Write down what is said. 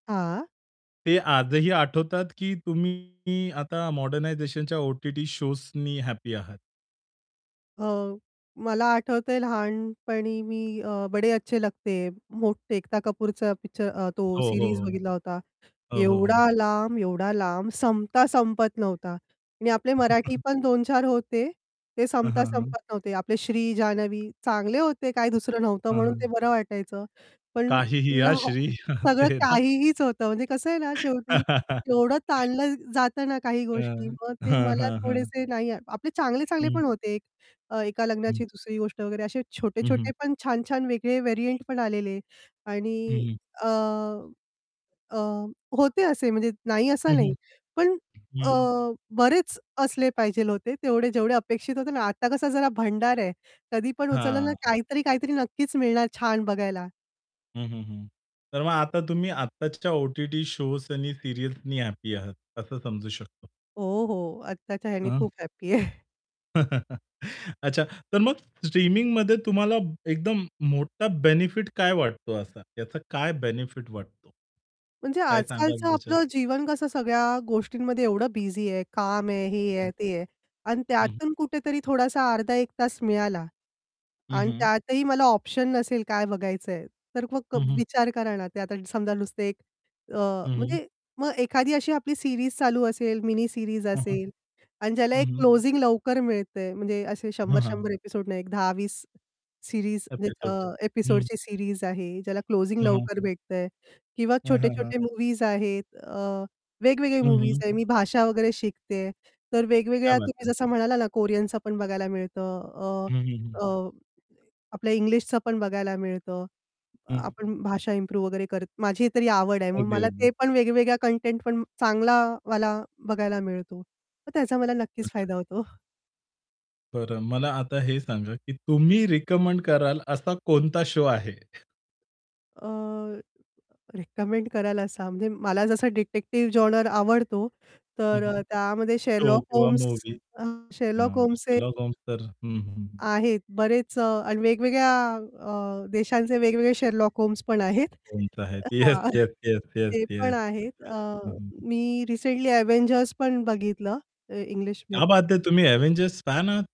हां. ते आजही आठवतात की तुम्ही आता मॉडर्नायझेशनच्या ओ-टी-टी शोजनी हॅप्पी आहात? अ, मला आठवतंय लहानपणी मी अ, "बडे अच्छे लगते है." मोठे एकता कपूरचा पिक्चर अ, तो हो, हो, सीरीज हो. बघितला होता. हो, हो, हो. एवढा लांब, एवढा लांब संपता संपत नव्हता. आणि आपले हं, मराठी हं. पण 2-4 होते ते हां, संपता हां, हां. संपत नव्हते. आपले श्री जान्हवी चांगले होते, काय दुसरं नव्हतं हां, म्हणून हां. ते बरं वाटायचं. पण "काहीही हां [unintelligible] श्री" सगळं ते ना. काहीहीच होतं म्हणजे कसं आहे ना, शेवटी एवढं ताणलं जातं ना काही गोष्टी हं. मग ते हां, मला हां, हां. थोडेसे नाही आपले चांगले-चांगले हं. पण होते. अ, "एका हं. लग्नाची दुसरी गोष्ट" वगैरे असे हं, हं. छोटे-छोटे पण छान-छान वेगळे व्हेरियंट पण आलेले. आणि हं, हं. अ, अ, होते असे म्हणजे नाही असा हं, नाही. हं. पण अ, हं. बरेच असले पाहिजे होते तेवढे जेवढे अपेक्षित होते ना, आता कसा जरा भंडार आहे, कधी पण उचललं ना हां. काहीतरी-काहीतरी नक्कीच मिळणार छान बघायला. हं, हं, हं. तर मग आता तुम्ही आताच्या ओ-टी-टी शोज आणि सीरियल्सनी हॅपी आहात असं समजू शकतो. हो, हो. आत्ताच्या ह्याने हां. खूप हॅपी आहे. अच्छा. तर मग स्ट्रीमिंगमध्ये तुम्हाला एकदम मोठा बेनिफिट काय वाटतो असा, याचा काय बेनिफिट वाटतो? म्हणजे काय सांगाल आजकालचं ह्याच्यात? आपलं जीवन कसं सगळ्या गोष्टींमध्ये एवढं बिझी आहे काम आहे, हे हं. आहे, ते आहे. अन हं, हं. त्यातून कुठेतरी थोडासा अर्धा 1 तास मिळाला. हं, अन हं. त्यातही मला ऑप्शन नसेल काय बघायचंय, तर मग हं, हं. विचार करा ना, ते आता समजा नुसतं एक अ, हं, हं. म्हणजे मग एखादी अशी आपली सीरीज चालू असेल, मिनी सीरीज हं, हं. असेल आणि ज्याला हं, एक हं. क्लोजिंग लवकर मिळतंय म्हणजे असे हां, शंभर हां. शंभर एपिसोड नाही एक 10-20 सीरीज अ, एपिसोड्स. हं. एपिसोडची सीरीज आहे ज्याला क्लोजिंग हं, हं. लवकर भेटतंय किंवा हां, हां, हां. छोटे-छोटे मूव्हीज आहेत अ, वेगवेगळे हं, मूव्हीज हं. आहे मी भाषा वगैरे शिकते. तर क्या वेगवेगळ्या बात तुम्ही है. जसं म्हणाला ना, कोरियनच पण बघायला मिळतं अ, हं, हं, हं. अ, आपल्या इंग्लिशच पण बघायला मिळतं. हं, हं. आपण भाषा इम्प्रूव्ह वगैरे करत माझी तरी आवड आहे. मग अगदी, मला ते अगदी. पण वेगवेगळ्या कंटेंट पण चांगलावाला बघायला मिळतो. मग त्याचा मला नक्कीच फायदा अच्छा. होतो. बरं. मला आता हे सांगा की तुम्ही रिकमेंड कराल असा कोणता शो आहे? अ, रेकमेंड करायला सांग म्हणजे मला जसा डिटेक्टिव्ह जॉनर आवडतो हं, तर अ, हं. त्यामध्ये शो "शेरलॉक किंवा होम्स मूव्ही. अ, शेरलॉक हां, होल्म्स" हे "शेरलॉक होम्स" तर हं, हं, हं. आहेत बरेच अ, आणि वेगवेगळ्या अ, देशांचे वेगवेगळे "शेरलॉक होम्स" पण आहेत. [unintelligible] येस, हां, येस, येस, येस, ते पण येस [unintelligible] आहेत. अ, हं, हं, हं. मी रिसेंटली "अव्हेंजर्स" पण बघितलं अ, क्या इंग्लिशमध्ये. बात है, तुम्ही "अव्हेंजर्स" फॅन आहात?